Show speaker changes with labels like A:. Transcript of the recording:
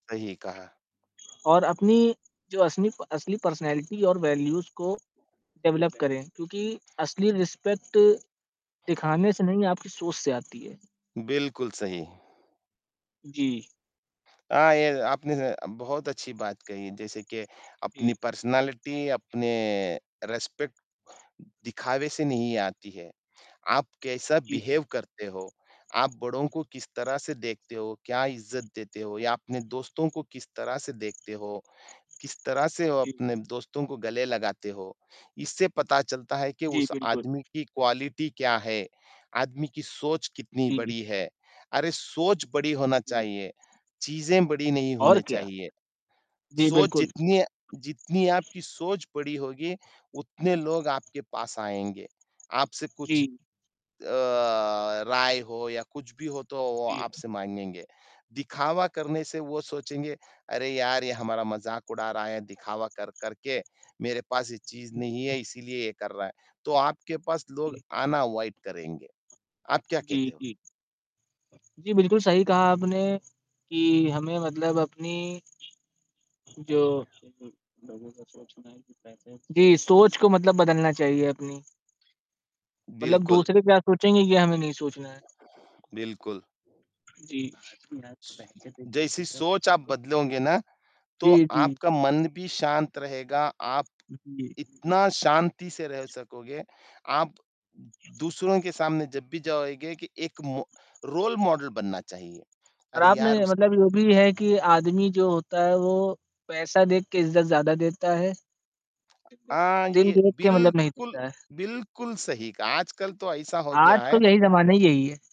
A: सही कहा।
B: और अपनी जो असनी असली पर्सनैलिटी और वैल्यूज़ को डेवलप करें। क्योंकि असली रिस्पेक्ट दिखाने से नहीं आपकी सोच से आती है।
A: बिल्कुल, सही।
B: जी।
A: अ, ये आपने ज बहुत अच्छी बात कही जैसे कि
B: जी।
A: अपनी पर्सनैलिटी, अपने रिस्पेक्ट दिखावे से नहीं आती है। आप कैसा
B: जी।
A: बिहेव करते हो? आप बड़ो को किस तरह से देखते हो? क्या इज़्ज़त देते हो या अपने दोस्तों को किस तरह से देखते हो, किस तरह से वो
B: जी।
A: अपने दोस्तों को गले लगाते हो। इससे पता चलता है कि
B: जी,
A: उस
B: बिल्कुल।
A: आदमी की क्वालिटी क्या है? आदमी की सोच कितनी
B: जी।
A: बड़ी है, अरे! सोच बड़ी होनी
B: जी।
A: चाहिए, चीज़ें बड़ी नहीं
B: और
A: होनी
B: क्या।
A: चाहिए।
B: जी,
A: सोच
B: बिल्कुल।
A: जितनी जितनी आपकी सोच बड़ी होगी, उतने लोग आपके पास आएँगे, आपसे कुछ
B: जी।
A: अ, राय हो या कुछ भी हो तो वो
B: जी।
A: आपसे माँगेगे। दिखावा करने से वो सोचेंगे, अरे! यार, ये हमारा मज़ाक उड़ा रहा है, दिखावा कर कर के, मेरे पास ये चीज़ नहीं है इसीलिए ये कर रहा है। तो आपके पास लोग
B: जी।
A: आना अवॉइड करेंगे। आप क्या
B: जी,
A: कहते हो?
B: जी। जी, बिल्कुल सही कहा आपने, कि हमें मतलब अपनी जो, जी, सोच को मतलब बदलना चाहिए अपनी। मतलब
A: बिल्कुल।
B: दूसरे क्या सोचेंगे ये हमें नहीं सोचना है।
A: बिल्कुल।
B: जी।
A: जैसी सोच आप बदलोगे ना, तो
B: जी, जी।
A: आपका मन भी शांत रहेगा, आप
B: हुँ, जी।
A: इतना शांति से रह सकोगे। आप दूसरों के सामने जब भी जाओगे कि एक मो रोल मॉडल बनना चाहिए।
B: और
A: अरे यार!
B: आपने
A: उस
B: मतलब ये भी है कि आदमी जो होता है, वो पैसा देख के इज़्ज़त ज़्यादा देता है।
A: हाँ,
B: दिल
A: ये
B: देख के मतलब नहीं
A: बिल्कुल,
B: देता है।
A: बिल्कुल सही कहा। आजकल तो ऐसा हो
B: आज
A: गया
B: का
A: है
B: तो यही ज़माना ही यही है।